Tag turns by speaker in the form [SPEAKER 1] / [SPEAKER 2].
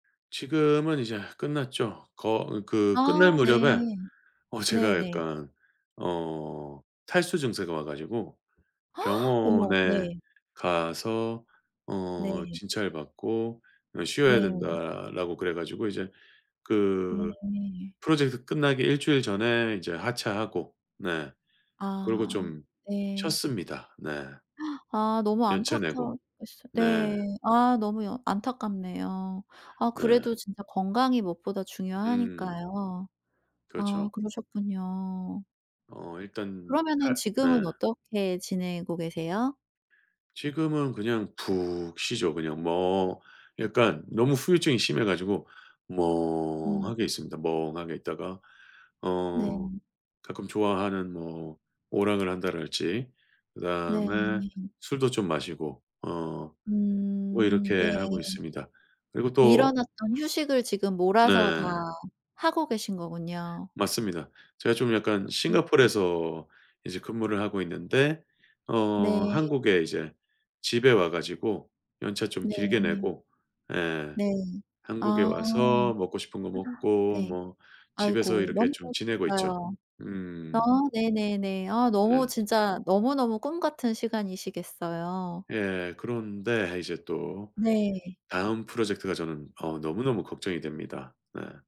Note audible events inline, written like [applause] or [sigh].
[SPEAKER 1] 지금은 이제 끝났죠. 거 그 끝날
[SPEAKER 2] 아.
[SPEAKER 1] 무렵에
[SPEAKER 2] 네.
[SPEAKER 1] 어 제가
[SPEAKER 2] 네네.
[SPEAKER 1] 약간 어 탈수 증세가 와 가지고
[SPEAKER 2] [gasps] 어머.
[SPEAKER 1] 병원에
[SPEAKER 2] 네.
[SPEAKER 1] 가서 어
[SPEAKER 2] 네.
[SPEAKER 1] 진찰받고 어 쉬어야
[SPEAKER 2] 네.
[SPEAKER 1] 된다라고 그래 가지고 이제
[SPEAKER 2] 네.
[SPEAKER 1] 그
[SPEAKER 2] 네.
[SPEAKER 1] 프로젝트 끝나기 일주일 전에 이제 하차하고 네. 그러고
[SPEAKER 2] 아.
[SPEAKER 1] 좀
[SPEAKER 2] 네.
[SPEAKER 1] 쉬었습니다. 네.
[SPEAKER 2] [gasps] 아 너무
[SPEAKER 1] 연차 내고.
[SPEAKER 2] 안타까웠겠어
[SPEAKER 1] 네.
[SPEAKER 2] 네. 아 너무 여 안타깝네요. 아
[SPEAKER 1] 네.
[SPEAKER 2] 그래도 진짜 건강이 무엇보다
[SPEAKER 1] 음.
[SPEAKER 2] 중요하니까요. 아
[SPEAKER 1] 그렇죠.
[SPEAKER 2] 그러셨군요.
[SPEAKER 1] 어 일단
[SPEAKER 2] 그러면은
[SPEAKER 1] 칼
[SPEAKER 2] 지금은
[SPEAKER 1] 네.
[SPEAKER 2] 어떻게 지내고 계세요?
[SPEAKER 1] 지금은 그냥 푹 쉬죠. 그냥 멍. 약간 너무 후유증이 심해 가지고
[SPEAKER 2] 으 음.
[SPEAKER 1] 멍하게 있습니다. 멍하게 있다가 어
[SPEAKER 2] 네.
[SPEAKER 1] 가끔 좋아하는 뭐 오락을 한다랄지
[SPEAKER 2] 네.
[SPEAKER 1] 그다음에 술도 좀 마시고 어 뭐
[SPEAKER 2] 음. 네.
[SPEAKER 1] 이렇게 하고 있습니다. 그리고
[SPEAKER 2] 미뤄
[SPEAKER 1] 또
[SPEAKER 2] 놨던 휴식을 지금 몰아서 다
[SPEAKER 1] 네.
[SPEAKER 2] 하고 계신 거군요.
[SPEAKER 1] 맞습니다. 제가 좀 약간
[SPEAKER 2] 음 음.
[SPEAKER 1] 싱가포르에서 이제 근무를 하고 있는데 어
[SPEAKER 2] 네.
[SPEAKER 1] 한국에 이제 집에 와 가지고 연차 좀 길게
[SPEAKER 2] 네.
[SPEAKER 1] 내고 예.
[SPEAKER 2] 네.
[SPEAKER 1] 한국에
[SPEAKER 2] 아.
[SPEAKER 1] 와서
[SPEAKER 2] [inhales]
[SPEAKER 1] 먹고 싶은 거 먹고
[SPEAKER 2] 네.
[SPEAKER 1] 뭐 집에서
[SPEAKER 2] 아이고
[SPEAKER 1] 이렇게
[SPEAKER 2] 너무
[SPEAKER 1] 좀 지내고 있죠.
[SPEAKER 2] 좋으시겠어요. 아
[SPEAKER 1] 음.
[SPEAKER 2] 네네네. 아 너무
[SPEAKER 1] 네.
[SPEAKER 2] 진짜 너무너무 꿈같은 시간이시겠어요.
[SPEAKER 1] 예. 그런데 이제 또
[SPEAKER 2] 네.
[SPEAKER 1] 다음 프로젝트가 저는 어 너무너무 걱정이 됩니다. 네.